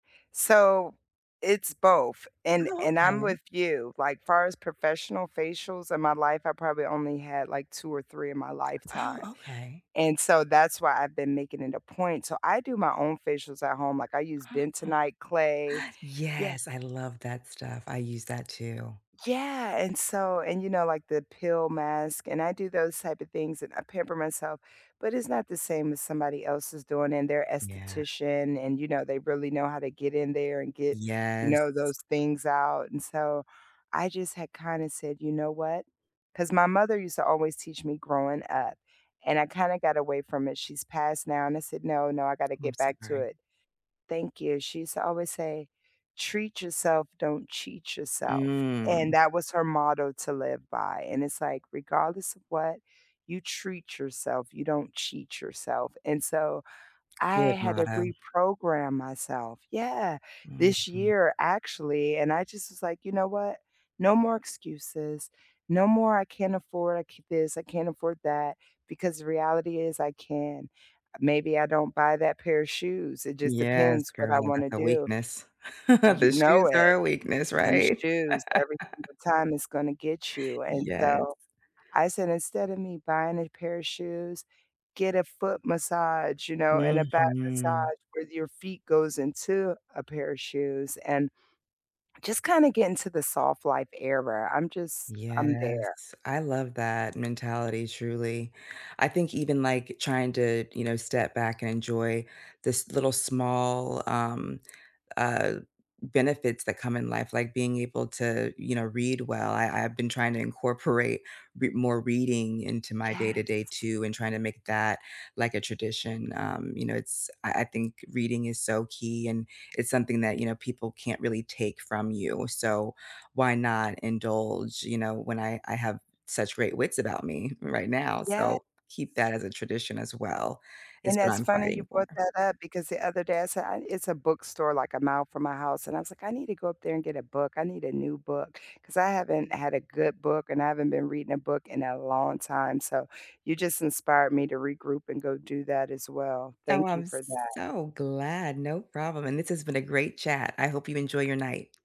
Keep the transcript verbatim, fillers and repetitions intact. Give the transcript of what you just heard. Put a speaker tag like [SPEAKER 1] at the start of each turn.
[SPEAKER 1] So, it's both, and
[SPEAKER 2] Oh,
[SPEAKER 1] and I'm
[SPEAKER 2] okay.
[SPEAKER 1] with you, like, far as professional facials in my life, I probably only had like two or three in my
[SPEAKER 2] Oh,
[SPEAKER 1] lifetime.
[SPEAKER 2] okay.
[SPEAKER 1] And so that's why I've been making it a point, so I do my own facials at home, like I use
[SPEAKER 2] Oh.
[SPEAKER 1] bentonite clay Yeah.
[SPEAKER 2] Yes, I love that stuff, I use that too.
[SPEAKER 1] Yeah, and so and you know, like the peel mask and I do those type of things and I pamper myself, but it's not the same as somebody else is doing and they're
[SPEAKER 2] Yeah.
[SPEAKER 1] esthetician and you know, they really know how to get in there and get, you know,
[SPEAKER 2] Yes.
[SPEAKER 1] those things out, and so, I just had kinda said, "You know what" 'Cause my mother used to always teach me growing up, and I kinda got away from it, she's passed now. And I said, "No, no, I got to
[SPEAKER 2] I'm
[SPEAKER 1] get back to
[SPEAKER 2] sorry.
[SPEAKER 1] it." Thank you. She used to always say, "Treat yourself, don't cheat yourself." And
[SPEAKER 2] Mm.
[SPEAKER 1] that was her motto to live by and it's like, regardless of what, you treat yourself, you don't cheat yourself, and so
[SPEAKER 2] Good
[SPEAKER 1] I had to
[SPEAKER 2] motto.
[SPEAKER 1] reprogram myself Yeah, this
[SPEAKER 2] Mhm.
[SPEAKER 1] year actually, and I just was like, you know what? No more excuses, no more, "I can't afford this, I can't afford that," because the reality is I can. Maybe I don't buy that pair of shoes. It just
[SPEAKER 2] Yes,
[SPEAKER 1] depends what
[SPEAKER 2] girl,
[SPEAKER 1] I
[SPEAKER 2] that's
[SPEAKER 1] wanna
[SPEAKER 2] a
[SPEAKER 1] do.
[SPEAKER 2] weakness.
[SPEAKER 1] You
[SPEAKER 2] The
[SPEAKER 1] know
[SPEAKER 2] shoes are
[SPEAKER 1] it.
[SPEAKER 2] a weakness,
[SPEAKER 1] Them
[SPEAKER 2] right?
[SPEAKER 1] shoes every single time is gonna get you. And
[SPEAKER 2] Yes.
[SPEAKER 1] so, I said, instead of me buying a pair of shoes, get a foot massage, you know, and a back
[SPEAKER 2] Mhm.
[SPEAKER 1] massage where your feet goes into a pair of shoes and, just kind of get into the soft life era. I'm just, I'm there.
[SPEAKER 2] Yes. I love that mentality, truly. I think even, like, trying to, you know, step back and enjoy this little small, um, uh, benefits that come in life, like being able to, you know, read well I I've been trying to incorporate re more reading into my
[SPEAKER 1] Yes.
[SPEAKER 2] day-to-day too, and trying to make that like a tradition, um, you know, it's, I I think reading is so key, and it's something that, you know, people can't really take from you, so why not indulge, you know, when I I have such great wits about me right now.
[SPEAKER 1] Yes.
[SPEAKER 2] So keep that as a tradition as well,
[SPEAKER 1] And
[SPEAKER 2] is what
[SPEAKER 1] that's
[SPEAKER 2] I'm
[SPEAKER 1] funny you
[SPEAKER 2] fighting for.
[SPEAKER 1] brought that up, because the other day I said "I nee" it's a bookstore like a mile from my house, and I was like, "I need to go up there and get a book, I need a new book." 'Cause I haven't had a good book and I haven't been reading a book in a long time, so, you just inspired me to regroup and go do that as well.
[SPEAKER 2] Oh,
[SPEAKER 1] Thank you
[SPEAKER 2] I'm
[SPEAKER 1] for that.
[SPEAKER 2] so glad, no problem. And this has been a great chat, I hope you enjoy your night.